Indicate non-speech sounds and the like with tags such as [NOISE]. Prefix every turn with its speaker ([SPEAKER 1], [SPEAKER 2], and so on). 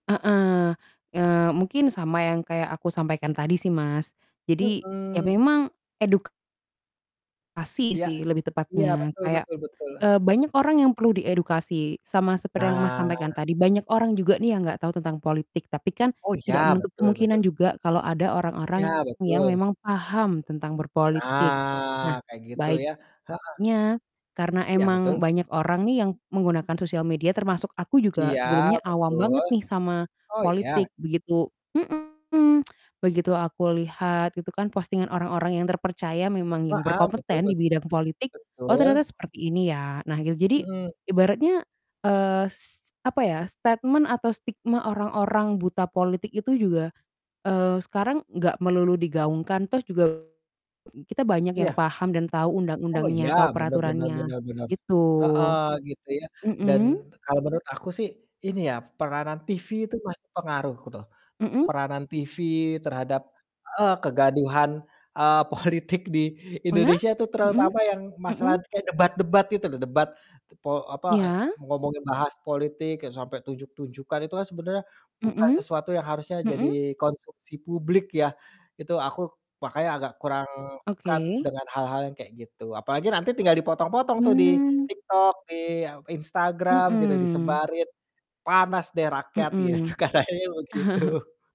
[SPEAKER 1] Heeh. Eee, mungkin sama yang kayak aku sampaikan tadi sih, Mas. Jadi, ya
[SPEAKER 2] Mhm.
[SPEAKER 1] memang edukasi
[SPEAKER 2] Yak.
[SPEAKER 1] sih lebih
[SPEAKER 2] Iya,
[SPEAKER 1] tepatnya.
[SPEAKER 2] betul
[SPEAKER 1] Kayak,
[SPEAKER 2] betul betul.
[SPEAKER 1] eee, banyak orang yang perlu diedukasi, sama seperti yang, Mas, sampaikan
[SPEAKER 2] Nah.
[SPEAKER 1] tadi. Banyak orang juga nih yang nggak tahu tentang politik, tapi kan
[SPEAKER 2] Oh
[SPEAKER 1] tidak
[SPEAKER 2] ya,
[SPEAKER 1] menutup
[SPEAKER 2] betul betul.
[SPEAKER 1] kemungkinan juga kalau ada orang orang
[SPEAKER 2] Iya,
[SPEAKER 1] yang
[SPEAKER 2] betul.
[SPEAKER 1] memang paham tentang berpolitik.
[SPEAKER 2] Nah,
[SPEAKER 1] Nah
[SPEAKER 2] kayak gitu ya. Heeh.
[SPEAKER 1] baiknya, karena
[SPEAKER 2] Iya,
[SPEAKER 1] emang
[SPEAKER 2] betul.
[SPEAKER 1] banyak orang nih yang menggunakan sosial media, termasuk aku juga
[SPEAKER 2] Iya,
[SPEAKER 1] sebelumnya awam
[SPEAKER 2] betul.
[SPEAKER 1] banget nih sama
[SPEAKER 2] Oh, iya?
[SPEAKER 1] politik, begitu mhm. Begitu aku lihat itu kan postingan orang-orang yang terpercaya, memang
[SPEAKER 2] Wa
[SPEAKER 1] yang
[SPEAKER 2] ah, betul
[SPEAKER 1] berkompeten di
[SPEAKER 2] betul.
[SPEAKER 1] bidang politik, “Oh
[SPEAKER 2] Betul.
[SPEAKER 1] ternyata seperti ini ya.” Nah gitu. Jadi
[SPEAKER 2] Mhm.
[SPEAKER 1] ibaratnya, eee, s apa ya, statement atau stigma orang-orang buta politik itu juga, eee, sekarang nggak melulu digaungkan. Toh juga kita banyak yang
[SPEAKER 2] Iya.
[SPEAKER 1] paham dan tahu
[SPEAKER 2] Oh iya,
[SPEAKER 1] undang-undangnya, tahu
[SPEAKER 2] benar benar
[SPEAKER 1] peraturannya
[SPEAKER 2] benar benar.
[SPEAKER 1] gitu.
[SPEAKER 2] Heeh, gitu ya. Dan
[SPEAKER 1] Mhm.
[SPEAKER 2] kalau menurut aku sih, ini ya, peranan TV itu masih pengaruh ku tuh.
[SPEAKER 1] Mhm.
[SPEAKER 2] Peranan TV terhadap eee, kegaduhan, eee, politik di
[SPEAKER 1] Oh ya?
[SPEAKER 2] Indonesia itu,
[SPEAKER 1] Mhm,
[SPEAKER 2] terutama yang
[SPEAKER 1] mhm.
[SPEAKER 2] masalah kayak debat-debat gitu loh, debat te po apa, e a
[SPEAKER 1] Iya.
[SPEAKER 2] ngomongin bahas politik e sampai tunjuk-tunjukan, itu kan sebenarnya bukan
[SPEAKER 1] Mhm.
[SPEAKER 2] sesuatu yang harusnya
[SPEAKER 1] Mhm.
[SPEAKER 2] jadi konsumsi publik ya. Itu aku makanya agak kurang suka
[SPEAKER 1] Oke.
[SPEAKER 2] dengan hal-hal yang kayak gitu. Apalagi nanti tinggal dipotong-potong tuh di
[SPEAKER 1] Mmm.
[SPEAKER 2] TikTok, di a Instagram gitu,
[SPEAKER 1] Mhm.
[SPEAKER 2] disebarin. Panas deh rakyat, ya tuh
[SPEAKER 1] Mhm.
[SPEAKER 2] katanya
[SPEAKER 1] [CHUCKLES]
[SPEAKER 2] begitu.